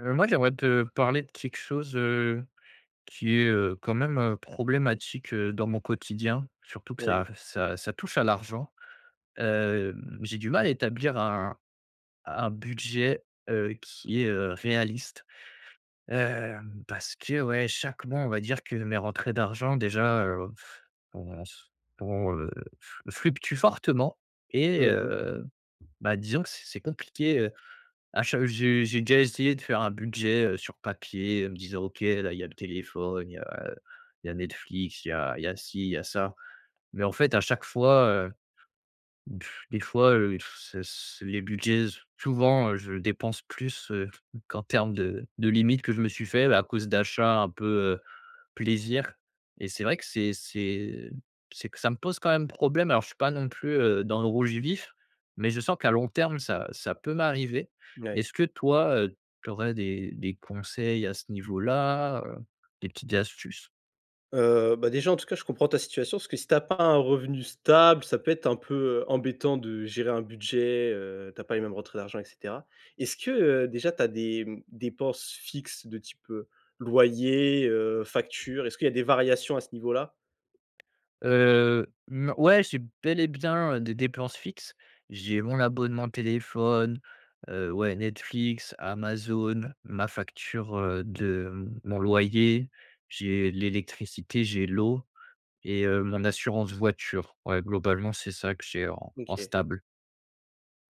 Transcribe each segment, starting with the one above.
Heu, moi, j'aimerais te parler de quelque chose, heu, qui est, heu, quand même, heu, problématique, heu, dans mon quotidien. Surtout que Oui. ça ça ça touche à l'argent. Hem, j'ai du mal à établir un un budget, heu, qui est, heu, réaliste. Hem, parce que ouais, chaque mois, on va dire que mes rentrées d'argent, déjà, heu, ont s ont, heu, flu fluctuent fortement et Mmh mh. heu, bah, disons que c c'est compliqué, heu, à cha heu, j'ai j'ai déjà essayé de faire un budget, heu, sur papier, heu, en me disant: «OK. Là, il y a le téléphone, heu, il y a il y a Netflix, il y a il y a ci, il y a ça» mais, en fait, à chaque fois, heu, des fois, heu, s s les budgets souvent, heu, je dépense plus, heu, qu'en termes de de limites que je me suis fait, à cause d'achats un peu, heu, plaisir. Et c'est vrai que c'est c'est c'est que ça me pose quand même problème. Alors je suis pas non plus, heu, dans le rouge vif, mais je sens qu'à long terme, ça ça peut m'arriver. Ouais. Est-ce que toi, heu, tu aurais des des conseils à ce niveau-là, heu, des petites astuces? Heu, bah, déjà, en tout cas je comprends ta situation, parce que si tu as pas un revenu stable, ça peut être un peu, heu, embêtant, de gérer un budget, heu. Tu as pas les mêmes rentrées d'argent et cetera. Est-ce que, heu, déjà, tu as des, hem, dépenses fixes de type, heu, loyer, heu, factures, est-ce qu'il y a des variations à ce niveau-là? Heu, non ouais, j'ai bel et bien, heu, des dépenses fixes. J'ai mon abonnement téléphone, heu, ouais, Netflix, Amazon, ma facture, heu, de mon loyer, j'ai l'électricité, j'ai l'eau et heu, mon assurance voiture. Ouais, globalement, c'est ça que j'ai en en OK. stable.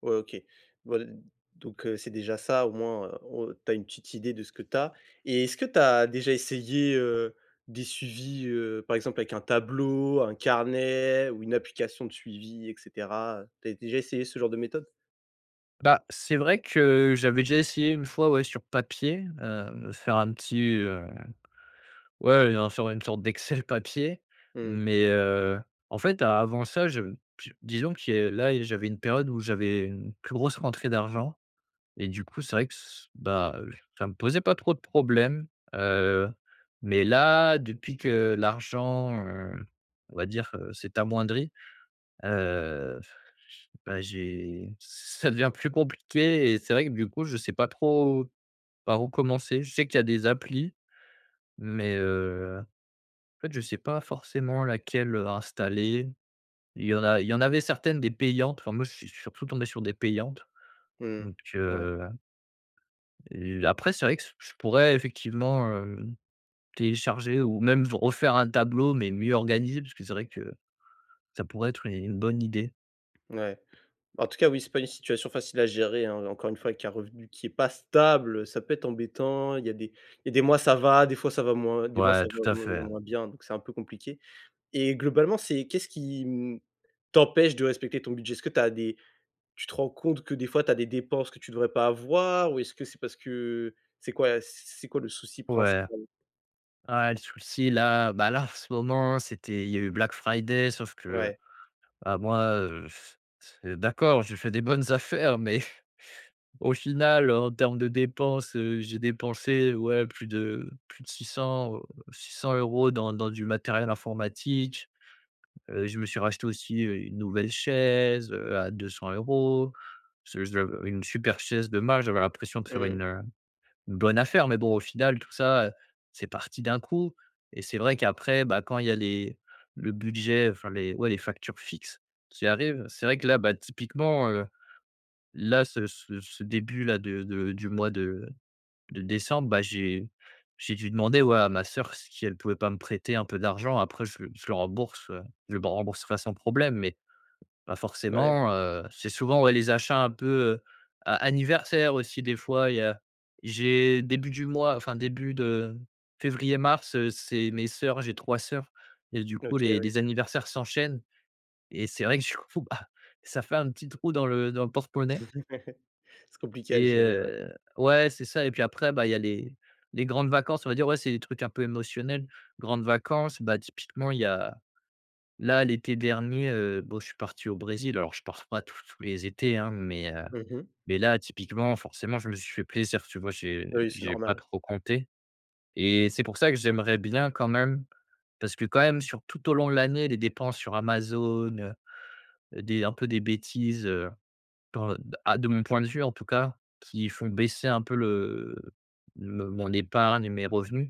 Ouais, OK. Voil donc heu, c'est déjà ça, au moins, heu, o tu as une petite idée de ce que tu as. Et est-ce que tu as déjà essayé, heu, des suivis, heu, par exemple avec un tableau, un carnet ou une application de suivi, et cetera, heu, tu as déjà essayé ce genre de méthode? Bah, c'est vrai que j'avais déjà essayé une fois, ouais, sur papier, heu, faire un petit, heu ouais, heu, un sur une sorte d'excel papier Mmh. mais heu, en fait avant ça, je je disons qui a là j'avais une période où j'avais une plus grosse rentrée d'argent et du coup c'est vrai que s bah, ça me posait pas trop de problème, heu, mais là depuis que l'argent, heu, on va dire, heu, c'est amoindri, heu, f ch bah, j'ai ça devient plus compliqué et c'est vrai que, du coup, je sais pas trop par où commencer. Je sais qu'il y a des applis mais heu, en fait, je sais pas forcément laquelle, heu, installer. Il y en a il y en avait certaines des payantes, enfin moi je suis je suis surtout tombé sur des payantes Mmh, donc ouais. heu et après c'est vrai que s je pourrais effectivement, heu, télécharger ou même v refaire un tableau mais mieux organisé parce que c'est vrai que ça pourrait être u une bonne idée. Ouais, bah, en tout cas oui, c'est pas une situation facile à gérer hein, encore une fois avec un revenu qui est pas stable ça peut être embêtant. Il y a des il y a des mois ça va, des fois ça va moins, des mois Ouais ça tout va à moins fait. moins bien. Donc c'est un peu compliqué et globalement c'est qu'est-ce qui, mmh, t'empêche de respecter ton budget? Est-ce que tu as des tu te rends compte que, des fois, tu as des dépenses que tu devrais pas avoir? Ou est-ce que c'est parce que c'est quoi c c'est quoi le souci Ouais. principal? Ah le souci là, bah, là en ce moment, c'était il y a eu Black Friday sauf que Ouais. bah, moi, heu, d'accord, je fais des bonnes affaires, mais au final en termes de dépenses, heu, j'ai dépensé, ouais, plus de plus de 600, heu, 600 € dans dans du matériel informatique, heu, je me suis racheté aussi, heu, une nouvelle chaise, heu, à 200 €, [unintelligible] une super chaise de marque. J'avais l'impression de faire une, Mmh. heu, une bonne affaire mais bon au final tout ça c'est parti d'un coup et c'est vrai qu'après, bah, quand il y a les le budget, enfin les ouais les factures fixes, qui arrivent. C'est vrai que là, bah, typiquement, heu, là ce ce ce début là, de de du mois de de décembre, bah, j'ai j'ai dû demander au à ma soeur, si elle pouvait pas me prêter un peu d'argent. Après, je le je le rembourse, heu je le rembourserai sans problème. Mais bah, Ouais. forcément, heu, c'est souvent, ouais, les achats un peu, heu, a anniversaires aussi des fois il y a j'ai début du mois enfin début de février, mars, heu, c'est mes soeurs. J'ai 3 soeurs et du OK, coup les ouais. les anniversaires s'enchaînent et c'est vrai que du coup, bah, ça fait un petit trou dans le dans le porte-monnaie. C'est compliqué à Et gérer, ouais. heu, ouais c'est ça et puis après, bah, il y a les les grandes vacances, on va dire. Ouais c'est des trucs un peu émotionnels, grandes vacances, bah, typiquement il y a là l'été dernier, heu, bon je suis parti au Brésil alors je pars pas tous tous les étés, hein, mais heu, Mmh mh. mais là typiquement, forcément, je me suis fait plaisir tu vois? J'ai Bah oui, c'est j'ai pas normal. trop compté et c'est pour ça que j'aimerais bien quand même. Parce que quand même, sur tout au long de l'année, les dépenses sur Amazon, heu heu, des un peu des bêtises, heu, p à de mon point de vue en tout cas qui font baisser un peu le me mon épargne et mes revenus,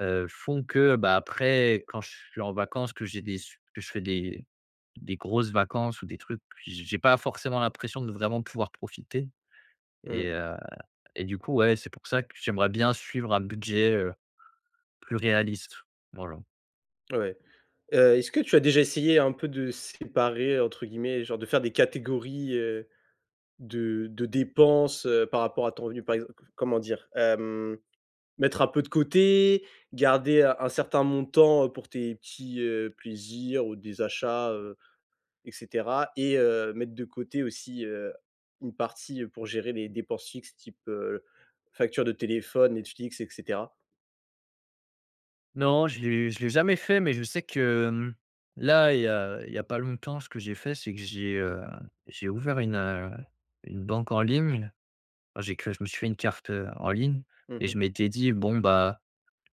heu, font que, bah, après quand je suis en vacances que j'ai des su que je fais des des grosses vacances ou des trucs, j j'ai pas forcément l'impression de vraiment pouvoir profiter et Mmh. heu et du coup ouais c'est pour ça que j'aimerais bien suivre un budget, heu, plus réaliste, voilà. Ouais, heu, est-ce que tu as déjà essayé un peu de «séparer» entre guillemets, genre de faire des catégories, heu, de de dépenses, heu, par rapport à ton revenu par exemp co comment dire? Hem, mettre un peu de côté, garder un un certain montant, heu, pour tes petits, heu, plaisirs ou des achats, heu et cetera et heu, mettre de côté aussi, heu, une partie pour gérer les dépenses fixes, type, heu, facture de téléphone, Netflix et cetera? Non, je l'ai je l'ai jamais fait, mais je sais que, mmh, là, il y a il y a pas longtemps, ce que j'ai fait, c'est que j'ai, heu, j'ai ouvert une, heu, une banque en ligne. Ah j'ai que je me suis fait une carte, heu, en ligne Mmh et je mh. m'étais dit: «Bon bah,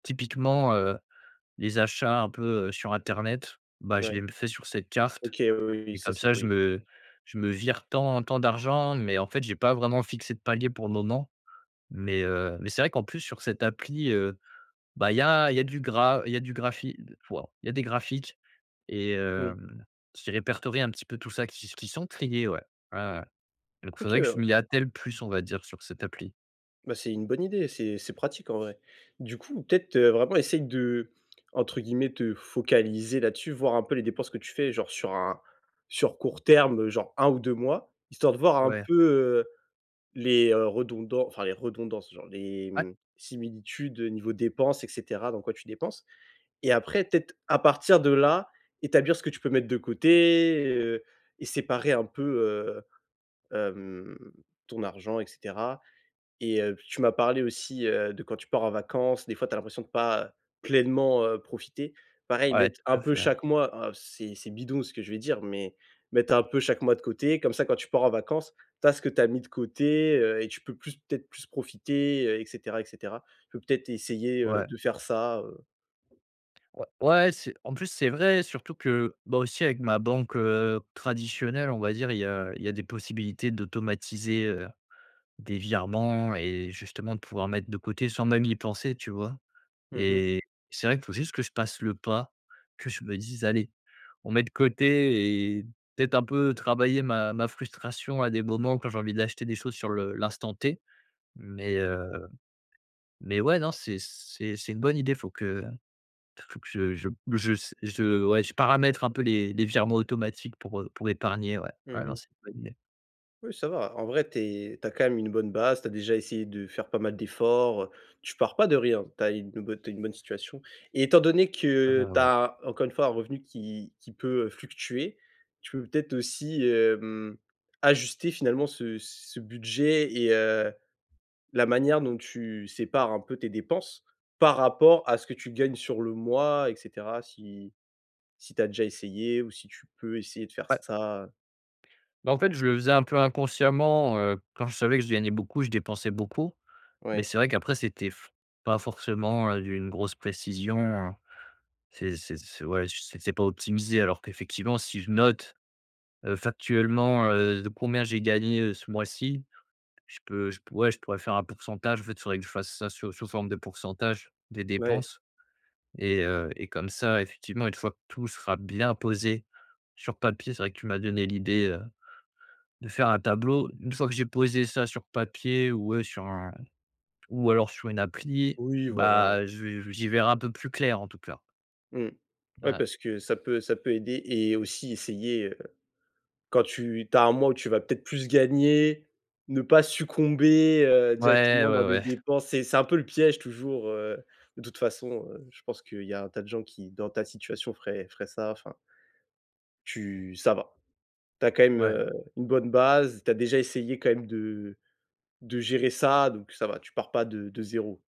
typiquement, heu, les achats un peu, heu, sur internet bah, je Ouais, les m fais sur cette carte» OK oui, oui, oui, et ça comme c'est ça je oui. me je me vire tant tant d'argent. Mais en fait j'ai pas vraiment fixé de palier pour le moment. Mais heu, mais c'est vrai qu'en plus sur cette appli, heu, bah il y a il y a du gra il y a du graphi d waouh il y a des graphiques et Mmh. hem, qui répertorient un petit peu tout ça. Qui s qui sont triés, ouais. Ouais, ouais. Donc OK faudrait que je m'y bah attelle plus, on va dire, sur cette appli. bah, c'est une bonne idée, c'est c'est pratique en vrai. Du coup peut-être, heu, vraiment essayer d'entre guillemets te «focaliser» là-dessus. Voir un peu les dépenses que tu fais, genre sur un sur court terme, heu, genre 1 ou 2 mois histoire de voir un Ouais. peu, heu, les, heu, redondan enfin les redondances, genre les Ouais. mmh, similitudes, heu, niveau dépenses et cetera. Dans quoi tu dépenses et après peut-être à partir de là, établir ce que tu peux mettre de côté, heu et séparer un peu, heu, hem, ton argent et cetera et heu puis tu m'as parlé aussi, heu, de quand tu pars en vacances. Des fois tu as l'impression de pas pleinement, heu, profiter. Pareil Ouais, mettre un tout à peu fait. chaque mois, heu, c'est c'est bidon ce que je vais dire mais mettre un peu chaque mois de côté, comme ça quand tu pars en vacances, tu as ce que tu as mis de côté, heu et tu peux plus peut-être plus profiter, heu et cetera et cetera. Tu peux, peut-être essayer, heu, Ouais. de faire ça, heu Ouais, ouais, c'est en plus c'est vrai, surtout que, bah, aussi avec ma banque, heu, traditionnelle, on va dire, il y a il y a des possibilités d'automatiser, heu, des virements et justement de pouvoir mettre de côté sans même y penser, tu vois? Mmh mh. Et c'est vrai qu'il faut juste que je passe le pas, que je me dise: «Allez, on met de côté» et peut-être un peu travailler ma ma frustration à des moments quand j'ai envie d'acheter des choses sur le l'instant T. Mais heu mais ouais non c'est c'est c'est une bonne idée faut que f faut que je je je s je ouais, je paramètres un peu les les virements automatiques pour, heu pour épargner ouais, Mmh ouais. Non mh. c'est une bonne idée. Oui ça va, en vrai, tu es tu as quand même une bonne base, tu as déjà essayé de faire pas mal d'efforts, heu, tu pars pas de rien. Tu as une, heu, bonne tu as une bonne situation et étant donné Ah que bah, tu ouais. as, encore une fois, un revenu qui qui peut, heu, fluctuer, tu peux peut-être aussi, heu mmh, ajuster finalement ce ce budget et heu, la manière dont tu sépares un peu tes dépenses? Par rapport à ce que tu gagnes sur le mois et cetera si si tu as déjà essayé ou si tu peux essayer de faire Ouais. ça? Bah en fait, je le faisais un peu inconsciemment, heu, quand je savais que je gagnais beaucoup, je dépensais beaucoup. Mais Ouais. c'est vrai qu'après, c'était f pas forcément, heu, d'une grosse précision. C'est c'est c'est ouais ch c'est c'est pas optimisé alors qu'effectivement, si je note, heu, factuellement, heu, de combien j'ai gagné, heu, ce mois-ci. Je peux je p ouais, je pourrais faire un pourcentage. En fait il faudrait que je fasse ça sous sous forme de pourcentage des Ouais. dépenses et heu et comme ça, effectivement une fois que tout sera bien posé sur papier, c'est vrai que tu m'as donné l'idée, heu, de faire un tableau. Une fois que j'ai posé ça sur papier ou ouais sur un ou alors sur une appli. Oui voilà. Bah je vais j'y verrai un peu plus clair, en tout cas. Mmh. Ouais Ah. parce que ça peut ça peut aider et aussi essayer, heu, quand tu tu as un mois où tu vas peut-être plus gagner, ne pas succomber, heu, Ouais, directement dans ouais, des ouais. dépenses et c'est un peu le piège toujours, heu, de toute façon. Je pense qu'il y a un tas de gens qui dans ta situation ferait ferait ça, enfin Tu ça va. Tu as quand même, Ouais. heu, une bonne base, tu as déjà essayé quand même de de gérer ça. Donc ça va tu pars pas de de 0.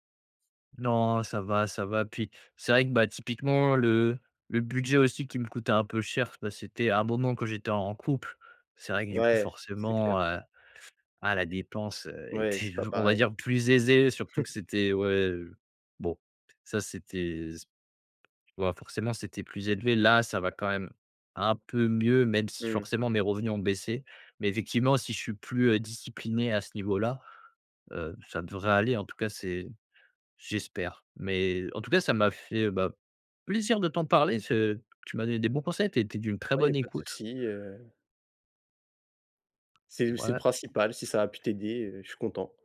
Non ça va, ça va, puis c'est vrai que, bah, typiquement le le budget aussi qui me coûtait un peu cher, bah, c'était un moment quand j'étais en couple. C'est vrai que du coup, Ouais, c'est clair. forcément, heu, ah la dépense Ouais, c'est était, pas on va pareil. dire, plus aisée, surtout que c'était ouais, bon ça c'était s tu vois? Forcément, c'était plus élevé, là, ça va quand même un peu mieux, même si Mmh. forcément mes revenus ont baissé. Mais effectivement si je suis plus, heu, discipliné à ce niveau-là, heu, ça devrait aller, en tout cas c'est j'espère. Mais en tout cas ça m'a fait, bah, plaisir de t'en parler et ce tu m'as donné des bons conseils, tu as été d'une très Ouais, il y a bonne pas de écoute. soucis, heu C'est le c'est le Ouais. principal si ça a pu t'aider, heu, je suis content.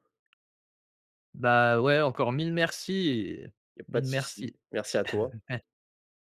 Bah, ouais, encore 1000 mercis et Il y a pas de 1000 souci, mercis. merci à toi.